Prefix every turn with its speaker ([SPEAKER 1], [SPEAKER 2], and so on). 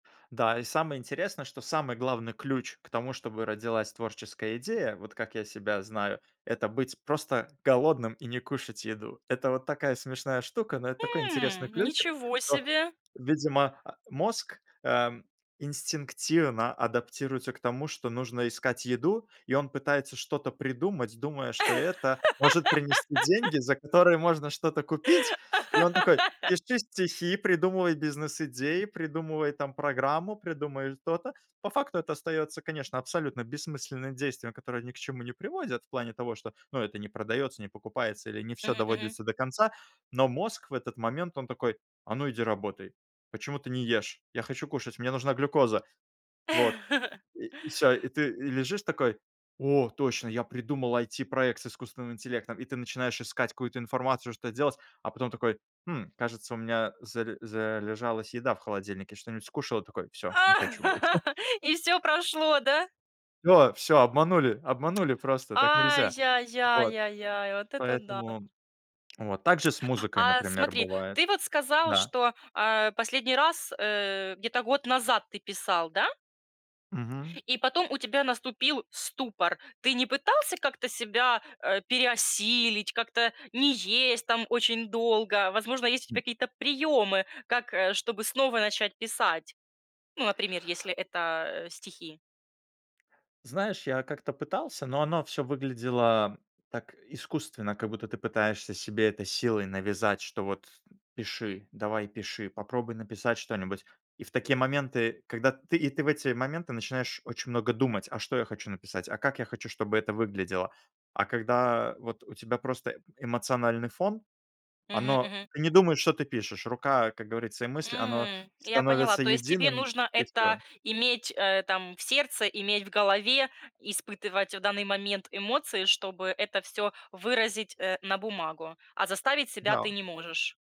[SPEAKER 1] Да, и самое интересное, что самый главный ключ к тому, чтобы родилась творческая идея, вот как я себя знаю- это быть просто голодным и не кушать еду. Это вот такая смешная штука, но это такой
[SPEAKER 2] М,
[SPEAKER 1] интересный ключик,
[SPEAKER 2] ничего
[SPEAKER 1] что,
[SPEAKER 2] себе!
[SPEAKER 1] видимо, а, мозг, эм, инстинктивно адаптируется к тому, что нужно искать еду, и он пытается что-то придумать, думая, что это может принести деньги, за которые можно что-то купить. И он такой: "Пиши стихи, придумывай бизнес-идеи, придумывай там программу, придумывай то-то". По факту это остается, конечно, абсолютно бессмысленным действием, которое ни к чему не приводит, в плане того, что, ну, это не продается, не покупается или не всё
[SPEAKER 2] Мгм, мгм.
[SPEAKER 1] доводится до конца. Но мозг в этот момент, он такой: "А ну, иди работай, почему ты не ешь? Я хочу кушать, мне нужна глюкоза". Вот, и и всё. И ты и лежишь такой: "О, точно, я придумал IT-проект с искусственным интеллектом". И ты начинаешь искать какую-то информацию, что-то делать. А потом такой: "Хм, кажется, у меня зале залежалась еда в холодильнике". Что-нибудь скушал и такой: "Всё, не хочу больше".
[SPEAKER 2] И всё прошло, да?
[SPEAKER 1] Всё всё, обманули обманули просто, так нельзя. Вот.
[SPEAKER 2] Ай-яй-яй-яй-яй, вот это да.
[SPEAKER 1] Поэтому. Вот так же с музыкой,
[SPEAKER 2] А,
[SPEAKER 1] например,
[SPEAKER 2] смотри,
[SPEAKER 1] бывает.
[SPEAKER 2] ты вот сказал,
[SPEAKER 1] Да.
[SPEAKER 2] что, а, последний раз, э, где-то год назад ты писал, да?
[SPEAKER 1] Мгм.
[SPEAKER 2] И потом у тебя наступил ступор. Ты не пытался как-то себя, э, переосилить, как-то не есть там очень долго? Возможно, есть у
[SPEAKER 1] М.
[SPEAKER 2] тебя какие-то приёмы, как, э, чтобы снова начать писать? Ну, например, если это, э, стихи.
[SPEAKER 1] Знаешь, я как-то пытался, но оно всё выглядело так искусственно, как будто ты пытаешься себе это силой навязать, что вот, м, пиши, давай, пиши, попробуй написать что-нибудь. И в такие моменты, когда ты И ты в эти моменты начинаешь очень много думать: а что я хочу написать, а как я хочу, чтобы это выглядело? А когда вот у тебя просто, эм, эмоциональный фон,
[SPEAKER 2] Мгм,
[SPEAKER 1] оно
[SPEAKER 2] мгм.
[SPEAKER 1] не думает, что ты пишешь. Рука, как говорится, и мысль, оно
[SPEAKER 2] М. Я поняла.
[SPEAKER 1] становится
[SPEAKER 2] То есть тебе
[SPEAKER 1] единым,
[SPEAKER 2] нужно
[SPEAKER 1] и
[SPEAKER 2] это
[SPEAKER 1] всё.
[SPEAKER 2] иметь, э, там в сердце, иметь в голове, испытывать в данный момент эмоции, чтобы это всё выразить, э, на бумагу, а заставить себя ты
[SPEAKER 1] Да.
[SPEAKER 2] не можешь.